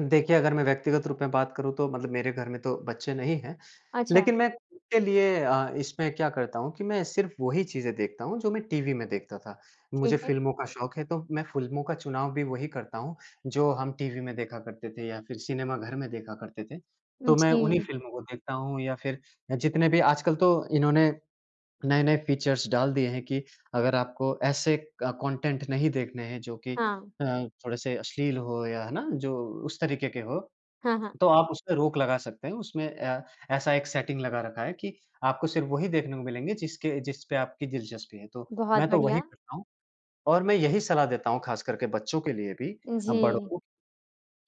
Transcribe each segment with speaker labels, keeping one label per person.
Speaker 1: देखिए, अगर मैं व्यक्तिगत रूप में बात करूँ, तो मतलब मेरे घर में तो बच्चे नहीं हैं।
Speaker 2: अच्छा।
Speaker 1: लेकिन मैं [unintelligible] के लिए अ, इसमें क्या करता हूँ कि मैं सिर्फ़ वही चीज़ें देखता हूँ, जो मैं टीवी में देखता था। मुझे
Speaker 2: ठीक है।
Speaker 1: फ़िल्मों का शौक है, तो मैं फ़िल्मों का चुनाव भी वही करता हूँ, जो हम टीवी में देखा करते थे, या फिर सिनेमा घर में देखा करते थे।
Speaker 2: उम,
Speaker 1: तो मैं उन्हीं
Speaker 2: जी।
Speaker 1: फ़िल्मों को देखता हूँ, या फिर अ, जितने भी आजकल तो इन्होंने नए-नए फ़ीचर्स डाल दिए हैं कि अगर आपको ऐसे क कॉन्टेंट नहीं देखने हैं, जो कि
Speaker 2: हाँ।
Speaker 1: अ, थोड़े-से अश्लील हों या है ना, जो उस तरीके के हों,
Speaker 2: हाँ, हाँ।
Speaker 1: तो आप उस पे रोक लगा सकते हैं। उसमें अ, ऐसा एक सेटिंग लगा रखा है कि आपको सिर्फ़ वही देखने को मिलेंगे, जिसके जिस पे आपकी दिलचस्पी है, तो मैं
Speaker 2: बहुत
Speaker 1: तो वही
Speaker 2: बढ़िया।
Speaker 1: करता हूँ। और मैं यही सलाह देता हूँ, खासकर के बच्चों के लिए भी अ, बड़ों
Speaker 2: जी।
Speaker 1: को,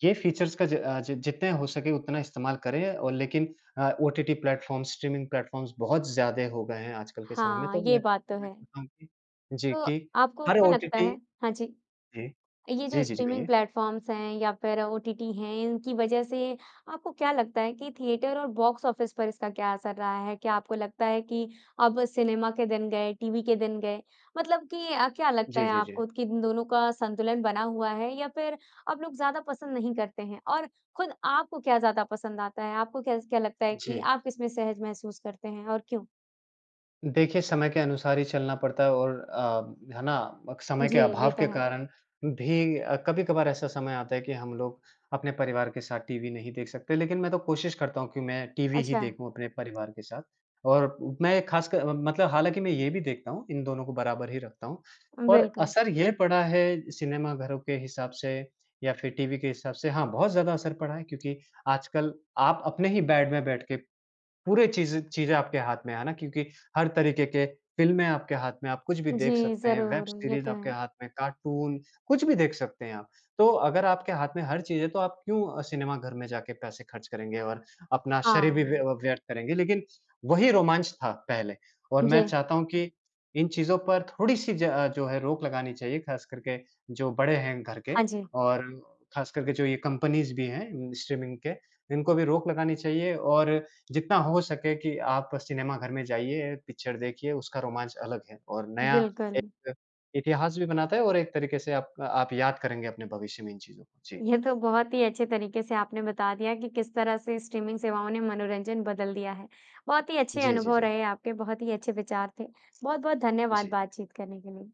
Speaker 1: ये फ़ीचर्स का ज अ, जि जितने हो सके, उतना इस्तेमाल करें और लेकिन अ, ओटीटी प्लेटफ़ॉर्म्स, स्ट्रीमिंग प्लेटफ़ॉर्म्स बहुत ज़्यादा हो गए हैं आजकल के समय में,
Speaker 2: हाँ।
Speaker 1: तो
Speaker 2: ये
Speaker 1: मैं
Speaker 2: बात तो
Speaker 1: मैं
Speaker 2: है।
Speaker 1: कहता हूँ कि जी,
Speaker 2: तो
Speaker 1: कि
Speaker 2: आपको
Speaker 1: हर
Speaker 2: क्या लगता
Speaker 1: ओटीटी
Speaker 2: है हाँ, जी।
Speaker 1: जी।
Speaker 2: ये जो
Speaker 1: जी, जी, जी,
Speaker 2: स्ट्रीमिंग
Speaker 1: कहिए।
Speaker 2: प्लेटफ़ॉर्म्स हैं या फिर ओटीटी हैं, इनकी वज़ह से आपको क्या लगता है कि थिएटर और बॉक्स ऑफ़िस पर इसका क्या असर रहा है? क्या आपको लगता है कि अब सिनेमा के दिन गए, टीवी के दिन गए? मतलब कि अ, क्या लगता
Speaker 1: जी,
Speaker 2: है
Speaker 1: जी, जी।
Speaker 2: आपको कि इन दोनों का संतुलन बना हुआ है, या फिर अब लोग ज़्यादा पसंद नहीं करते हैं? और खुद आपको क्या ज़्यादा पसंद आता है? आपको क्या ज़ क्या लगता है कि
Speaker 1: जी।
Speaker 2: आप किसमें सहज महसूस करते हैं और क्यों?
Speaker 1: देखिए, समय के अनुसार ही चलना पड़ता है और अ, है ना? बक समय
Speaker 2: जी,
Speaker 1: के
Speaker 2: ये
Speaker 1: अभाव
Speaker 2: तो
Speaker 1: के
Speaker 2: है।
Speaker 1: कारण भी अ, कभी-कभार ऐसा समय आता है कि हम लोग अपने परिवार के साथ टीवी नहीं देख सकते। लेकिन मैं तो कोशिश करता हूँ कि मैं टीवी ही
Speaker 2: अच्छा।
Speaker 1: देखूँ अपने परिवार के साथ और मैं एक खासकर म मतलब हालाँकि मैं ये भी देखता हूँ, इन दोनों को बराबर ही रखता हूँ। और
Speaker 2: बिल्कुल।
Speaker 1: असर ये पड़ा है सिनेमाघरों के हिसाब से, या फिर टीवी के हिसाब से, हाँ, बहुत ज़्यादा असर पड़ा है, क्योंकि आजकल आप अपने ही बेड में बैठ के पूरे चीज़ चीज़ें आपके हाथ में हैं ना, क्योंकि हर तरीके के फ़िल्में आपके हाथ में हैं, आप कुछ भी देख
Speaker 2: जी।
Speaker 1: सकते हैं, वेब
Speaker 2: ज़रूर, ये
Speaker 1: सीरीज़
Speaker 2: तो
Speaker 1: आपके
Speaker 2: है।
Speaker 1: हाथ में है, कार्टून, कुछ भी देख सकते हैं आप। तो अगर आपके हाथ में हर चीज़ है, तो आप क्यों अ, सिनेमा घर में जाके पैसे खर्च करेंगे और अपना शरीर भी व्य
Speaker 2: हाँ।
Speaker 1: व्यर्थ करेंगे? लेकिन वही रोमांच था पहले और मैं
Speaker 2: जी।
Speaker 1: चाहता हूँ कि इन चीज़ों पर थोड़ी-सी ज जो है, रोक लगानी चाहिए, खासकर के जो बड़े हैं घर के
Speaker 2: हाँ जी।
Speaker 1: और खासकर के जो ये कंपनीज़ भी हैं स्ट्रीमिंग के, इनको भी रोक लगानी चाहिए और जितना हो सके कि आप सिनेमा घर में जाइए, पिक्चर देखिए, उसका रोमांच अलग है और नया एक
Speaker 2: बिल्कुल।
Speaker 1: क इतिहास भी बनाता है और एक तरीके से आपक आप याद करेंगे अपने भविष्य में इन चीज़ों को। जी।
Speaker 2: ये तो बहुत ही अच्छे तरीके से आपने बता दिया कि किस तरह से स्ट्रीमिंग सेवाओं ने मनोरंजन बदल दिया है। बहुत ही अच्छे
Speaker 1: जी, जी,
Speaker 2: अनुभव
Speaker 1: जी।
Speaker 2: रहे आपके, बहुत ही अच्छे विचार थे। बहुत-बहुत धन्यवाद
Speaker 1: जी।
Speaker 2: बातचीत करने के लिए।